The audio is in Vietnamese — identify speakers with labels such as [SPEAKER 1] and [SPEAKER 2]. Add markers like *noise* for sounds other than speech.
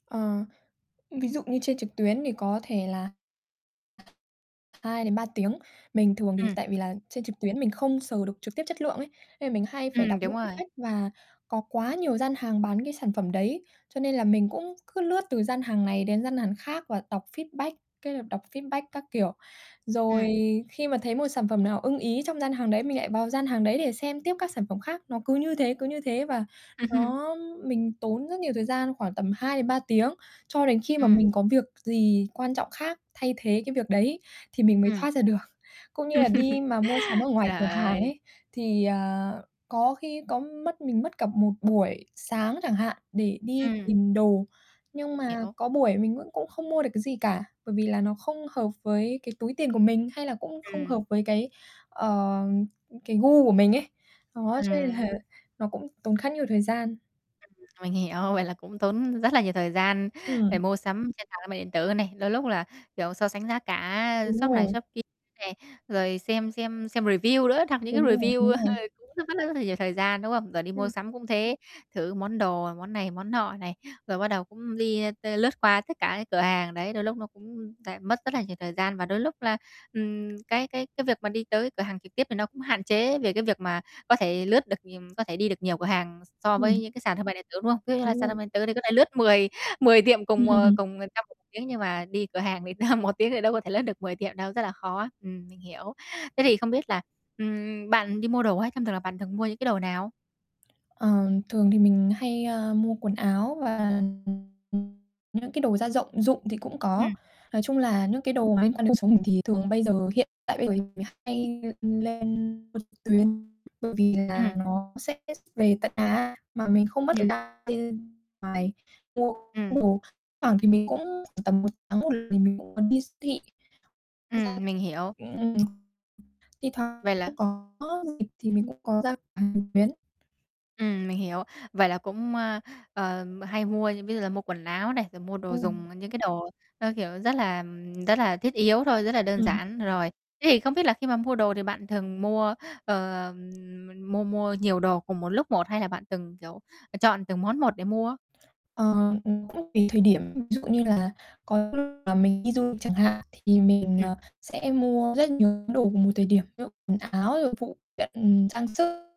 [SPEAKER 1] Ờ, ví dụ như trên trực tuyến thì có thể là 2-3 tiếng. Mình thường thì
[SPEAKER 2] Ừm.
[SPEAKER 1] tại vì là trên trực tuyến mình không sờ được trực tiếp chất lượng ấy, nên là mình hay phải
[SPEAKER 2] Ừm,
[SPEAKER 1] đọc
[SPEAKER 2] đúng
[SPEAKER 1] những
[SPEAKER 2] rồi.
[SPEAKER 1] feedback và có quá nhiều gian hàng bán cái sản phẩm đấy, cho nên là mình cũng cứ lướt từ gian hàng này đến gian hàn khác và đọc feedback, cái là đọc feedback các kiểu. Rồi
[SPEAKER 2] Ừm.
[SPEAKER 1] khi mà thấy một sản phẩm nào ưng ý trong gian hàng đấy, mình lại vào gian hàng đấy để xem tiếp các sản phẩm khác. Nó cứ như thế, cứ như thế, và
[SPEAKER 2] *chuckles*
[SPEAKER 1] nó mình tốn rất nhiều thời gian, khoảng tầm 2-3 tiếng, cho đến khi mà
[SPEAKER 2] Ừm.
[SPEAKER 1] mình có việc gì quan trọng khác thay thế cái việc đấy thì mình mới
[SPEAKER 2] Ừm.
[SPEAKER 1] thoát ra được. Cũng như là đi
[SPEAKER 2] *chuckles*
[SPEAKER 1] mà mua sắm ở ngoài
[SPEAKER 2] Trời
[SPEAKER 1] cửa hàng
[SPEAKER 2] ơi!
[SPEAKER 1] ấy, thì, à, có khi có mất mình mất cả một buổi sáng chẳng hạn, để đi
[SPEAKER 2] Ừm.
[SPEAKER 1] tìm đồ, nhưng mà
[SPEAKER 2] Hiểu.
[SPEAKER 1] có buổi mình vẫn cũng không mua được cái gì cả, bởi vì là nó không hợp với cái túi tiền của mình, hay là cũng không
[SPEAKER 2] Ừm.
[SPEAKER 1] hợp với cái, ờ, cái gu của mình ấy, đó, cho nên là
[SPEAKER 2] Ừm.
[SPEAKER 1] nó cũng tốn khá nhiều thời gian.
[SPEAKER 2] Ừm. Mình hiểu, vậy là cũng tốn rất là nhiều thời gian để
[SPEAKER 1] Ừm.
[SPEAKER 2] mua sắm trên sàn thương mại điện tử này. Đôi lúc là, kiểu, so sánh giá cả
[SPEAKER 1] Đúng
[SPEAKER 2] shop này
[SPEAKER 1] rồi.
[SPEAKER 2] shop kia này, rồi xem xem xem review nữa, đọc những cái
[SPEAKER 1] Đúng rồi, đúng
[SPEAKER 2] review
[SPEAKER 1] rồi.
[SPEAKER 2] *chuckles* cũng rất rất rất rất là nhiều thời gian, đúng không? Rồi đi mua
[SPEAKER 1] Ừm.
[SPEAKER 2] sắm cũng thế, thử món đồ, món này món nọ này, rồi bắt đầu cũng đi, ơ, t lướt qua tất cả những cửa hàng, đấy, đôi lúc nó cũng lại mất rất là nhiều thời gian. Và đôi lúc là, ừm, cái cái cái việc mà đi tới cửa hàng trực tiếp thì nó cũng hạn chế về cái việc mà có thể lướt được, ừm có thể đi được nhiều cửa hàng s so với
[SPEAKER 1] Ừm.
[SPEAKER 2] những cái sàn thương mại điện tử, đúng không? Ví dụ như là
[SPEAKER 1] Đúng
[SPEAKER 2] sàn thương
[SPEAKER 1] rồi.
[SPEAKER 2] mại điện tử thì có thể lướt mười mười tiệm cùng, ờ,
[SPEAKER 1] *chuckles*
[SPEAKER 2] trong 1 tiếng, nhưng mà đi cửa hàng thì *chuckles* 1 tiếng thì đâu có thể lướt được 10 tiệm đâu, rất là khó, ừm, mình hiểu. Thế thì không biết là, ừm, bạn đi mua đồ á thông thường là bạn thường mua những cái đồ nào?
[SPEAKER 1] Ờ, thường thì mình hay, ơ, mua quần áo và những cái đồ gia dọng dụng thì cũng có.
[SPEAKER 2] Ừm.
[SPEAKER 1] Nói chung là những cái đồ mà liên quan đến cuộc sống mình thì thường bây giờ, hiện tại bây giờ thì mình hay lên mua trực tuyến, bởi vì
[SPEAKER 2] Ừm.
[SPEAKER 1] là nó sẽ ship về tận nhà mà mình không mất thời
[SPEAKER 2] Ừm.
[SPEAKER 1] gian bên ngoài mua
[SPEAKER 2] Ừm.
[SPEAKER 1] đồ. Thoảng thì mình cũng khoảng tầm 1 tháng mình cũng muốn đi s thị
[SPEAKER 2] Ừm, mình hiểu.
[SPEAKER 1] *unintelligible* thi thoảng
[SPEAKER 2] Vậy là
[SPEAKER 1] cũng có việc thì mình cũng có ra cửa hàng trực tuyến.
[SPEAKER 2] Ừm, mình hiểu. Vậy là cũng, ơ, ờ, hay mua, ví dụ là mua quần áo này, rồi mua đồ dùng,
[SPEAKER 1] *unintelligible*
[SPEAKER 2] ờ, những cái đồ, ơ, kiểu, rất là rất là thiết yếu thôi, rất là đơn
[SPEAKER 1] Ừm.
[SPEAKER 2] giản, rồi. Thế thì không biết là khi mà mua đồ thì bạn thường mua, ờ, mua mua nhiều đồ cùng một lúc một, hay là bạn từng, kiểu, ờ, chọn từng món một để mua?
[SPEAKER 1] Ờ, cũng tùy thời điểm. Ví dụ như là có lúc là mình đi du lịch chẳng hạn, thì mình,
[SPEAKER 2] Ừm.
[SPEAKER 1] ờ, sẽ mua rất nhiều những đồ vào một thời điểm, ví dụ quần áo rồi phụ kiện, trang sức.